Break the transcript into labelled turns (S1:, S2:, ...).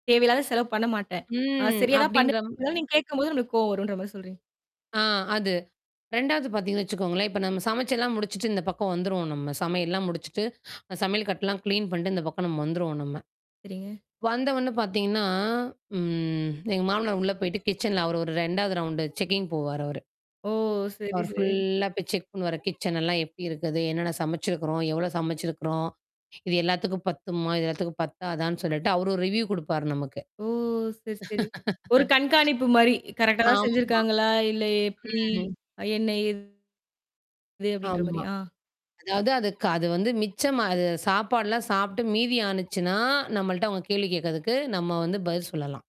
S1: தேவையில்லாத செலவு பண்ண மாட்டேன். நான்
S2: ம்.
S1: சரியா தான்
S2: அப்படின்ற
S1: பண்ணுவேன். இதெல்லாம் நீங்க கேட்கும்போது நம்பளுக்கு கோவம் வரும்ன்ற மாரி சொல்றீங்க.
S2: ஆ அது. 2வது பார்த்தீங்கன்னு வச்சுக்கோங்களேன். இப்ப நம்ம சமைச்செல்லாம் முடிச்சுட்டு இந்த பக்கம் வந்துருவோம் நம்ம. சமையல்லாம் முடிச்சுட்டு, அ சமையல் கட்டுலாம் கிளீன் பண்ணிட்டு, இந்த பக்கம் நம்ம வந்துருவோம் நம்ம.
S1: சரிங்க.
S2: வந்த ஒன்ன பார்த்தீங்கன்னா, ம். எங்க மாமனார் உள்ள போயிட்டு, கிட்சன்ல அவரு ஒரு 2வது ரவுண்டு செக்கிங் போவார் அவரு.
S1: ஓ! சரி,
S2: அவர்
S1: சரி.
S2: ஃபுல்லா போய் செக் பண்ணுவாரு. கிட்சனல்லாம் எப்படி இருக்குது? என்னென்ன சமைச்சிருக்கிறோம்? எவ்வளோ சமைச்சிருக்கிறோம்? இது எல்லாத்துக்கும் பத்துமா? இது எல்லாத்துக்கும் பத்தாதான்னு சொல்லிட்டு, அவரு ஒரு ரிவ்யூ குடுப்பார் நமக்கு.
S1: ஓ! சரி, சரி. ஒரு கண்காணிப்பு மாரி. கரெக்ட்டா தான்
S2: ஆமா.
S1: செஞ்சிருக்காங்களா? இல்ல எப்படி?
S2: ம்.
S1: அ என்ன? ஏது? அப்படின்ற
S2: ஆமா.
S1: மாரி. அ.
S2: அதாவது அதுக்கு அது வந்து மிச்சமா அது சாப்பாடுலாம் சாப்புட்டு மீதி ஆனுச்சுனா, நம்மள்ட்ட அவங்க கேள்வி கேட்கிறதுக்கு, நம்ம வந்து பதில் சொல்லலாம்.